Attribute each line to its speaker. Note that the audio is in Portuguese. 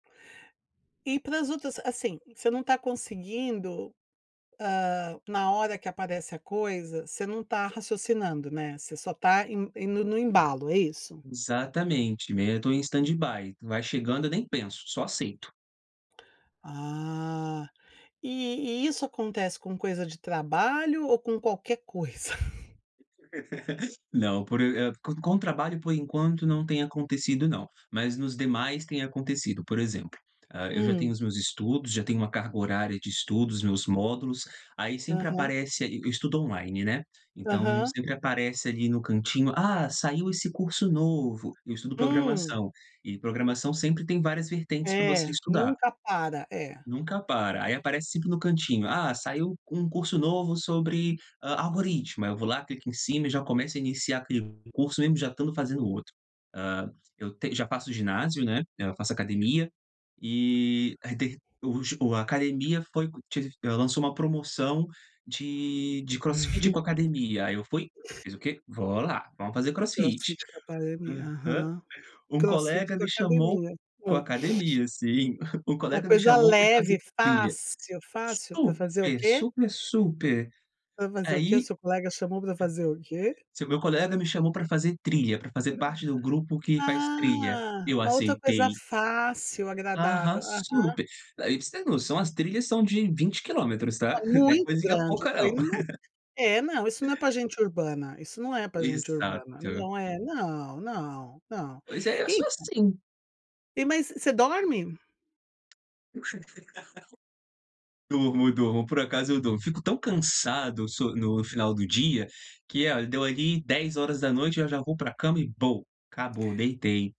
Speaker 1: E para as outras assim, você não está conseguindo, hã, na hora que aparece a coisa, você não está raciocinando, né, você só está indo indo no embalo é isso?
Speaker 2: Exatamente, né, eu estou em stand by, vai chegando eu nem penso, só aceito.
Speaker 1: Ah, e e isso acontece com coisa de trabalho ou com qualquer coisa.
Speaker 2: Não, por, e e, com trabalho por enquanto não tem acontecido não, mas nos demais tem acontecido por exemplo, hã, eu já tenho
Speaker 1: Hum.
Speaker 2: os meus estudos, já tenho uma carga horária de estudos, meus módulos, aí sempre
Speaker 1: Aham.
Speaker 2: aparece, e estudo online, né, então
Speaker 1: Aham.
Speaker 2: sempre aparece ali no cantinho, "Ah saiu esse curso novo", eu estudo
Speaker 1: Hum.
Speaker 2: programação, e programação sempre tem várias vertentes para
Speaker 1: É,
Speaker 2: você estudar.
Speaker 1: nunca para, é.
Speaker 2: Nunca para, aí aparece sempre no cantinho, "Ah saiu um curso novo sobre, ah, algoritmo", aí eu vou lá clico em cima e já começo a iniciar aquele curso mesmo já estando fazendo outro, ah, eu te já faço ginásio, né, eu faço academia, e aí tem o ju o, a academia foi que lançou uma promoção de, de crossfit com academia, aí eu fui, fiz o quê, vou lá, vamos fazer
Speaker 1: O
Speaker 2: crossfit,
Speaker 1: crossfit com a academia,
Speaker 2: hum, hã,
Speaker 1: aham,
Speaker 2: um
Speaker 1: crossfit
Speaker 2: colega
Speaker 1: com
Speaker 2: me chamou,
Speaker 1: academia,
Speaker 2: com a
Speaker 1: é.
Speaker 2: academia sim, um
Speaker 1: Uma
Speaker 2: colega me
Speaker 1: coisa
Speaker 2: chamou para fazer
Speaker 1: leve
Speaker 2: trilha,
Speaker 1: fácil, fácil para fazer o
Speaker 2: super,
Speaker 1: quê?
Speaker 2: super, super,
Speaker 1: Para fazer o que, o
Speaker 2: aí,
Speaker 1: seu colega chamou para fazer o quê?
Speaker 2: Se o meu colega me chamou para fazer trilha, para fazer parte do grupo que faz trilha,
Speaker 1: Ah,
Speaker 2: eu
Speaker 1: uma outra coisa
Speaker 2: aceitei.
Speaker 1: fácil
Speaker 2: Aham
Speaker 1: agradável, aham.
Speaker 2: super, ai para você ter noção as trilhas são de 20 quilômetros tá,
Speaker 1: Ô
Speaker 2: não é
Speaker 1: muito
Speaker 2: coisinha
Speaker 1: grande
Speaker 2: pouca
Speaker 1: isso aí
Speaker 2: não.
Speaker 1: não é, é não isso não é para gente urbana, isso não é para gente urbana,
Speaker 2: Exato.
Speaker 1: não é não, não, não,
Speaker 2: Pois é, eu sou
Speaker 1: então
Speaker 2: assim.
Speaker 1: E, mas, você dorme?
Speaker 2: Durmo, durmo, por acaso eu durmo, eu fico tão cansado so no final do dia, que olha, deu ali 22h eu já vou para cama e acabou deitei.